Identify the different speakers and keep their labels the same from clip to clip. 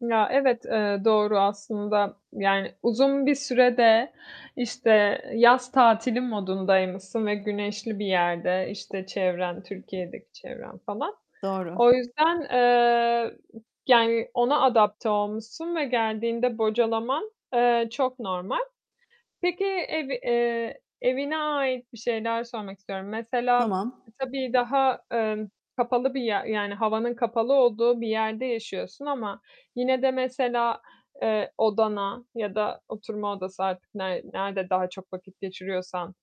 Speaker 1: Ya, evet, eee, doğru aslında, yani, uzun bir süre de, işte, yaz tatili modundaymışsın ve güneşli bir yerde, işte, çevren, Türkiye'deki çevren falan.
Speaker 2: Doğru.
Speaker 1: O yüzden, eee, yani, ona adapte olmuşsun ve geldiğinde bocalaman, eee, çok normal. Peki, evi eee, evine ait bir şeyler sormak istiyorum. Mesela,
Speaker 2: Tamam.
Speaker 1: tabii daha, emm, kapalı bir yer, yani, havanın kapalı olduğu bir yerde yaşıyorsun ama yine de mesela, eee, odana ya da oturma odası artık ner nerede daha çok vakit geçiriyorsan,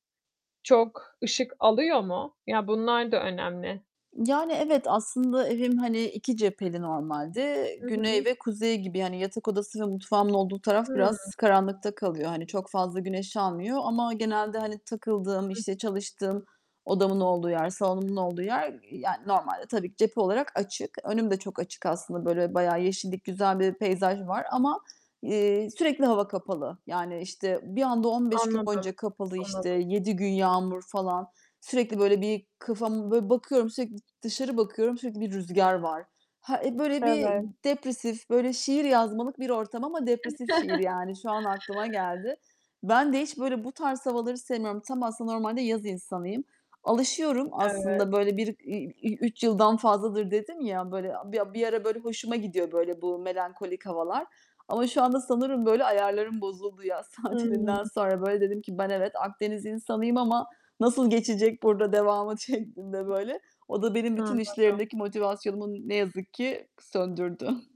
Speaker 1: çok ışık alıyor mu? Ya, bunlar da önemli.
Speaker 2: Yani, evet, aslında evim, hani, 2 cepheli normalde.
Speaker 1: Hı hı.
Speaker 2: Güney ve kuzey gibi. Yani yatak odası ve mutfağımın olduğu taraf
Speaker 1: Hıı.
Speaker 2: biraz karanlıkta kalıyor. Hani, çok fazla güneş almıyor ama genelde hani takıldığım,
Speaker 1: Hı.
Speaker 2: işte çalıştığım, odamın olduğu yer, salonumun olduğu yer, yani, normalde tabii ki cephe olarak açık. Önüm de çok açık aslında böyle, bayağı yeşillik, güzel bir peyzaj var ama, eee, sürekli hava kapalı. Yani, işte,
Speaker 1: [unintelligible]
Speaker 2: bir anda 15 gün
Speaker 1: Anladım.
Speaker 2: boyunca kapalı işte,
Speaker 1: Anladım.
Speaker 2: 7 gün yağmur falan, sürekli böyle bir kafamı böyle bakıyorum, sürekli dışarı bakıyorum, sürekli bir rüzgâr var. Ha eee, böyle bir
Speaker 1: Evet.
Speaker 2: depresif, böyle şiir yazmalık bir ortam ama depresif şiir yani, şu an aklıma geldi. Ben de hiç böyle bu tarz havaları sevmiyorum. Tam aslında normalde yaz insanıyım. Alışıyorum
Speaker 1: Evet.
Speaker 2: aslında, böyle bir, i ü 3 yıldan fazladır dedim ya, böyle, a bir a bir ara böyle hoşuma gidiyor böyle bu, melankolik havalar. Ama şu anda sanırım böyle ayarlarım bozuldu yaz
Speaker 1: Hıı.
Speaker 2: tatilinden sonra. Böyle dedim ki, "Ben evet, Akdeniz insanıyım ama nasıl geçecek burada devamı?" şeklinde böyle. O da benim bütün
Speaker 1: Anladım.
Speaker 2: işlerimdeki motivasyonumu ne yazık ki söndürdü.